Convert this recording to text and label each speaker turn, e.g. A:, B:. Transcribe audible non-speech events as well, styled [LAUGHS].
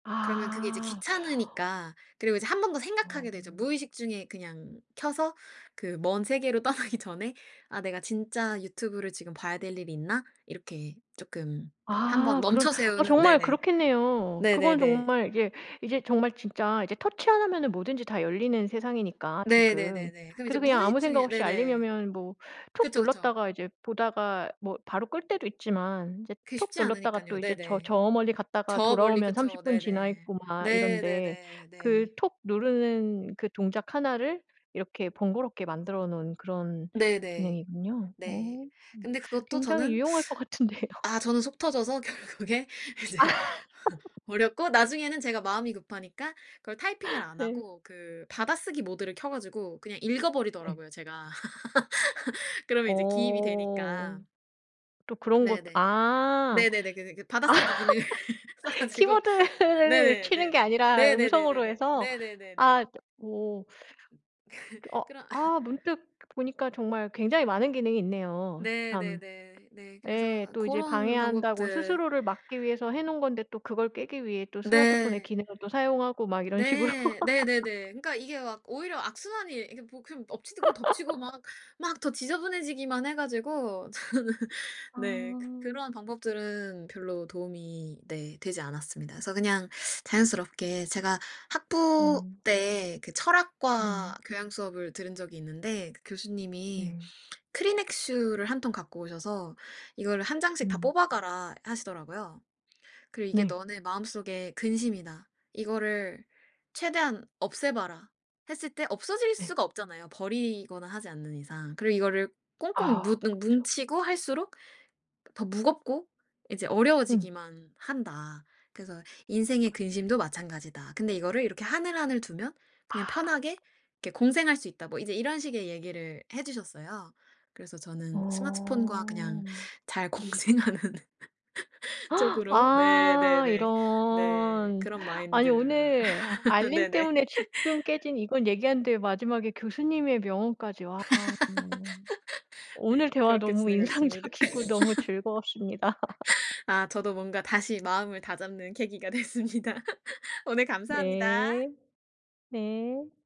A: 그러면 그게 이제
B: 아. [INHALES]
A: 귀찮으니까 그리고 이제 1 번 더
B: 어.
A: 생각하게 되죠. 무의식 중에 그냥 켜서 그 먼 세계로 떠나기 전에 '아 내가 진짜 유튜브를 지금 봐야 될 일이 있나?' 이렇게 조금 1 번
B: 아 그런
A: 멈춰
B: 아
A: 세우는
B: 정말
A: 네네.
B: 그렇겠네요. 그건
A: 네네네.
B: 정말 이게 이제 정말 진짜 이제 터치 하나면은 뭐든지 다 열리는 세상이니까 지금.
A: 네네네네. 그럼 이제
B: 그래서 그냥
A: 무의식
B: 아무 생각
A: 중에
B: 없이 알림이
A: 네네.
B: 오면 뭐 툭
A: 그쵸 그쵸.
B: 눌렀다가 이제 보다가 뭐 바로 끌 때도 있지만 이제
A: 그게
B: 톡
A: 쉽지
B: 눌렀다가
A: 않으니깐요.
B: 또 이제 저
A: 네네.
B: 저 멀리 갔다가
A: 저 멀리
B: 돌아오면 30
A: 그쵸.
B: 분 지나
A: 네네.
B: 있고 막
A: 네
B: 이런데
A: 네네
B: 그
A: 네.
B: 톡 누르는 그 동작 1 를 이렇게 번거롭게 만들어 놓은 그런
A: 네네.
B: 기능이군요.
A: 네.
B: 어.
A: 근데 그것도
B: 굉장히
A: 저는
B: 유용할 것 같은데요.
A: [SUCKS TEETH] 아 저는 속 터져서 결국에 이제
B: [LAUGHS]
A: 버렸고 나중에는 제가 마음이 급하니까 그걸 타이핑을
B: [LAUGHS]
A: 안
B: 네.
A: 하고 그 받아쓰기 모드를 켜 가지고 그냥
B: 네.
A: 읽어버리더라고요 제가. [LAUGHS] 그러면 이제 기입이
B: 어.
A: 되니까.
B: 또 그런 것
A: 네네.
B: 아
A: 네네네 그느 그 받아쓰기 기능을 [LAUGHS] 써
B: [LAUGHS]
A: 가지고
B: 키보드를
A: 네네.
B: 치는 게
A: 네네.
B: 아니라 음성으로
A: 네네네네네.
B: 해서?
A: 네네네네.
B: 아 뭐
A: 그
B: 어
A: 그런 [LAUGHS]
B: 아 문득 보니까 정말 굉장히 많은 기능이 있네요.
A: 네.
B: 참.
A: 네네. 네.
B: 예.
A: 그래서
B: 또 이제
A: 고런
B: 방해한다고
A: 방법들
B: 스스로를 막기 위해서 해 놓은 건데 또 그걸 깨기 위해 또 스마트폰의
A: 네.
B: 기능을 또 사용하고 막 이런 식으로.
A: 네. 네네네.
B: [LAUGHS]
A: 그러니까 이게 막 오히려 악순환이 이게 뭐 그 엎치고 덮치고 막 막 더
B: [LAUGHS]
A: 지저분해지기만 해 가지고 저는 네 그
B: 아.
A: 그러한 방법들은 별로 도움이 네 되지 않았습니다. 그래서 그냥 자연스럽게 제가 학부
B: 네.
A: 때 그
B: 네.
A: 철학과 교양수업을 들은 적이 있는데 그 교수님이
B: 네.
A: 크리넥스 를 한 통 갖고 오셔서 "이거를 1 장씩 다
B: 음.
A: 뽑아가라." 하시더라고요. 그리고 "이게
B: 네.
A: 너네 마음속의 근심이다. 이거를 최대한 없애 봐라." 했을 때 없어질
B: 네.
A: 수가 없잖아요, 버리거나 하지 않는 이상. 그리고 이거를 "꽁꽁
B: 아
A: 무눙
B: 그쵸.
A: 뭉치고 할수록 더 무겁고 이제
B: 음.
A: 어려워지기만 한다. 그래서 인생의 근심도 마찬가지다. 근데 이거를 이렇게 하늘하늘 두면
B: 아.
A: 그냥 편하게 이렇게 공생할 수 있다." 뭐 이제 이런 식의 얘기를 해주셨어요. 그래서 저는 스마트폰과 그냥
B: 어.
A: 잘 공생하는 [LAUGHS]
B: [GASPS]
A: 쪽으로 네.
B: 아
A: 네네. 네.
B: 이런.
A: 그런
B: 아니
A: 마인드를
B: 오늘
A: [LAUGHS]
B: 알림
A: 네네.
B: 때문에 집중
A: [LAUGHS]
B: 깨진 이건 얘기하는데 마지막에 교수님의 명언까지 와.
A: [LAUGHS]
B: 오늘
A: 네.
B: 대화
A: 그렇게
B: 너무
A: 지내고 있습니다.
B: 인상적이고 너무
A: [LAUGHS]
B: 즐거웠습니다.
A: 아
B: [LAUGHS]
A: 저도 뭔가 다시 마음을 다잡는 계기가 됐습니다. [LAUGHS] 오늘 감사합니다.
B: 네. 네.